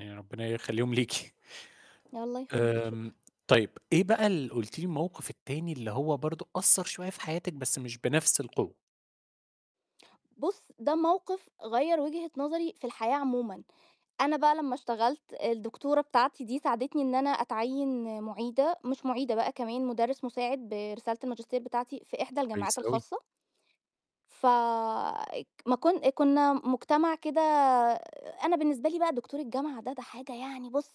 آآ، ربِّنا يخلّيهم ليكِ. الله يخلّيك، آمم، شكرًا. طيب، إيه بقى اللي قُلتِ لي الموقف التاني اللي هو برضه أثّر شوية في حياتِك بس مش بنَفْس القوة؟ بُص، ده موقِف غيّر وجهة نظري في الحياة عموما، أنا بقى لمّا اشتغلت الدكتورة بتاعتي دي ساعدتني إن أنا أتعيّن مُعيدة مش مُعيدة بقى كمان مدرس مساعد برسالة الماجستير بتاعتي في إحدى كويس الجماعات أوي. الخاصة. ف اج ما كن كُنّا مجتمع كده أنا بالنسبة لي بقى دكتور الجامعة ده، ده حاجة يعني بُص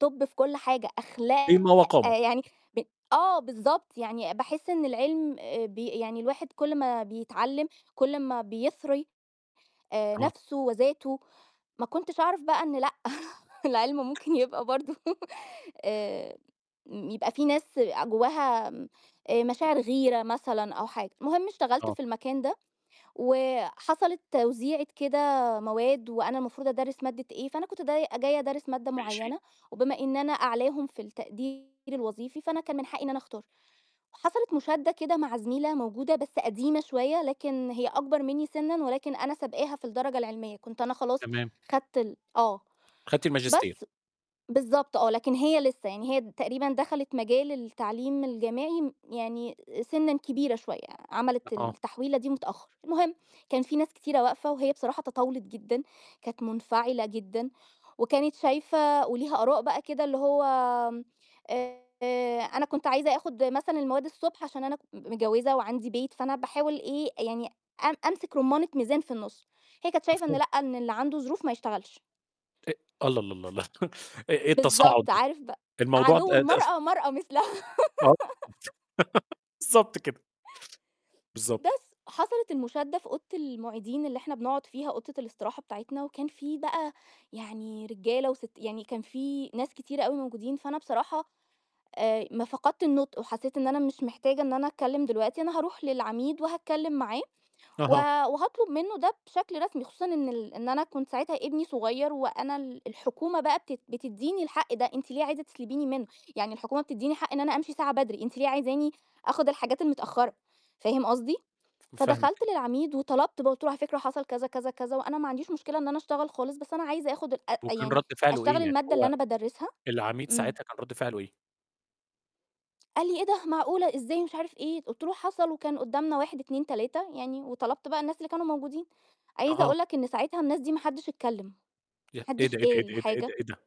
توب في كل حاجة، أخلاق قيمة وقامة يعني ب آه بالضبط، يعني باحس إن العِلم آآ، ب يعني الواحد كل ما بيتعلِّم كل أمّا بيثري آآ، آه. نَفْسه وذاته، ما كنتش أعرف بقى إن لأ، العِلم ممكن يبقى برضه امم، يبقى في ناس آآ، جوّاها م آآ، مشاعر غيرة مثلًا أو حاجة. المهم اشتغلت آه. في المكان ده، وحصلت توزيعة كده مواد وأنا المفروض أدرِّس مادة إيه، فأنا كنت داي جاية أدرِّس مادة ماشي معيّنة، وبما إن أنا أعلاهم في التقدير الوظيفي، فأنا كان من حقي إن أنا أختار. وحصلت مُشادّة كده مع زميلة موجودة بس قديمة شوية لكن هي أكبر منّي سِنًّا، ولكن أنا سبقاها في الدرجة العلمية، كنت أنا خلاص تمام. خدت ال آه. أخدتي الماجستير. بس بالضبط آه، لكن هي لسّه، يعني هي تقريبًا دخلت مجال التعليم الجامعي م يعني سِنًّا كبيرة شوية، عملِت آه. التحويلة دي متأخّر. المهم كان في ناس كتيرة واقفة وهي بصراحة تطاولت جدًا، كانت منفعلة جدًا وكانت شايفة وليها آراء بقى كده اللي هو، آآ أنا كنت عايزة آخُد مثلًا المواد الصبح عشان أنا م متجوِّزة وعندي بيت، فأنا باحاول إيه، يعني أم أمسك رُمّانة ميزان في النُص، هي كانت شايفة إن مفهوم. لأ، إن اللي عنده ظروف ما يشتغلش. أ الله، الله، الله، الله إيه إيه التصاعُد بالضبط، عارف ب الموضوع ده عدو [unintelligible] المرأة، مرأة مثلها. آه، بالضبط كده. بالضبط. بس حصلت المُشادّة في أوضة المُعيدين اللي إحنا بنقعُد فيها أوضة الاستراحة بتاعتنا، وكان في بقى يعني رجالة وست يعني كان في ناس كتير أوي موجودين، فأنا بصراحة آآ، ما فقدت النُطق وحسّيت إن أنا مش محتاجة إن أنا أتكلِّم دلوقتي، أنا هاروح للعميد وهاتكلِّم معاه و أها. وهاطلُب منّه ده بشكل رسمي، خصوصا إن ال أنا كنت ساعتها ابني صغير وأنا ال الحكومة بقى بت بتدّيني الحق ده، أنتِ ليه عايزة تسلبيني منّه؟ يعني الحكومة بتدّيني حق إن أنا أمشي ساعة بدري، أنتِ ليه عايزاني آخُد الحاجات المتأخّرة؟ فاهم قصدي، ف فاهمِك. فدخلت للعميد وطلبت بقى قُلت له: "على فكرة حصل،" كذا، كذا، كذا "وأنا ما عنديش مشكلة إن أنا أشتغل خالص، بس أنا عايزة آخُد الأ طَب أ وكان يعني رَد فعله أشتغل إيه؟ يعني المادة اللي هو أنا بادرِّسها،" العميد إمم. ساعتها كان رَد فعله إيه؟ قال لي: "إيه ده، معقولة! إزاي،" مش عارف إيه. قُلت له: "حصل وكان ُقّدامنا،" 1، 2، 3 يعني وطلبت بقى الناس اللي كانوا موجودين. عايزة أها. أقول لك إن ساعتها الناس دي ما حدّش اتكلِّم، ما يا إيه حدّش ده، إيه ده، قال إيه ده، إيه ده، حاجة. إيه ده!